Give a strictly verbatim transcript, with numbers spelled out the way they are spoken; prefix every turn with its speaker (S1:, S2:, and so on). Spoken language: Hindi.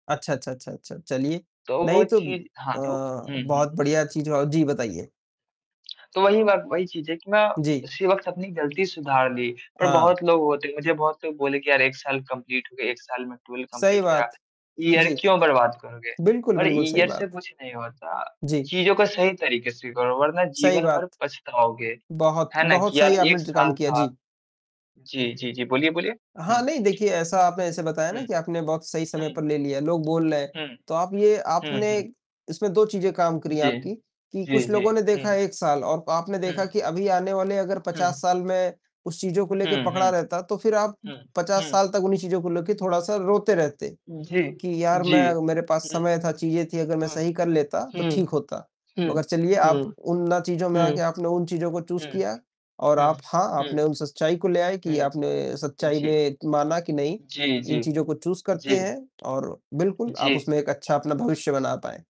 S1: अच्छा, अच्छा, अच्छा, अच्छा, चलिए।
S2: तो वो
S1: नहीं तो
S2: चीज़
S1: अ,
S2: हाँ तो हुँ,
S1: बहुत
S2: हुँ।
S1: बढ़िया चीज़ औ जी बताइए।
S2: तो वही बात वही चीज़ है कि ना मैं
S1: जी।
S2: उसी वक़्त अपनी ग़लती सुधार ली। पर
S1: हाँ।
S2: बहुत लोग होते हैं मुझे बहुत लोग बोले कि यार एक साल कम्पलीट हो गया। एक साल में ट्वेल्व
S1: सही
S2: कम्पलीट हो गया।
S1: बात।
S2: ईयर
S1: जी।
S2: क्यों बर्बाद करोगे?
S1: बिल्कुल,
S2: पर
S1: बिल्कुल सही
S2: ईयर से
S1: बात।
S2: कुछ नहीं होता।
S1: जी।
S2: चीज़ों को सही तरीक़े से करो वरना
S1: सही
S2: जीवन भर
S1: बात।
S2: पछताओगे।
S1: बहुत,
S2: है ना
S1: बहुत
S2: कि यार
S1: सही आपने
S2: एक
S1: ज काम
S2: साल
S1: किया।
S2: था
S1: जी।
S2: जी, जी, जी बोलिए, बोलिए।
S1: हाँ, नहीं देखिए ऐसा आपने ऐसा बताया
S2: हुँ,
S1: ना कि आपने बहुत सही
S2: हुँ,
S1: समय पर ले लिया। लोग बोल रहे हैं,
S2: हुँ।
S1: तो आप ये
S2: हुँ,
S1: आपने
S2: हुँ।
S1: इसमें दो चीज़ें काम करी
S2: जी।
S1: आपकी कि
S2: जी,
S1: कुछ
S2: जी।
S1: लोगों ने देखा
S2: हुँ।
S1: एक साल और आपने देखा
S2: हुँ।
S1: कि अभी आने वाले अगर
S2: हुँ।
S1: पचास साल में उस चीज़ों को लेके
S2: हुँ,
S1: पकड़ा
S2: हुँ।
S1: रहता तो फ़िर आप
S2: हुँ,
S1: पचास
S2: हुँ।
S1: साल तक उन्हीं चीज़ों को लेके थोड़ा-सा रोते रहते
S2: जी,
S1: कि यार
S2: जी।
S1: मै मेरे पास
S2: हुँ,
S1: समय था, चीज़ें थी अगर मैं
S2: हुँ,
S1: सही कर लेता तो
S2: हुँ,
S1: ठीक होता।
S2: हुँ,
S1: मगर चलिए आप
S2: हुँ,
S1: उन ना चीज़ों में
S2: हुँ,
S1: आके आपने उन चीज़ों को चूज़
S2: हुँ,
S1: किया और
S2: हुँ,
S1: आप हाँ,
S2: हुँ,
S1: आपने उन सच्चाई को ले आए कि
S2: हुँ।
S1: आपने
S2: हुँ,
S1: सच्चाई
S2: जी।
S1: में माना कि नहीं
S2: जी,
S1: इन
S2: जी।
S1: चीज़ों को चूज़ करते
S2: जी।
S1: हैं और बिल्कुल आप
S2: जी।
S1: उसमें एक अच्छा अपना भविष्य बना पाए।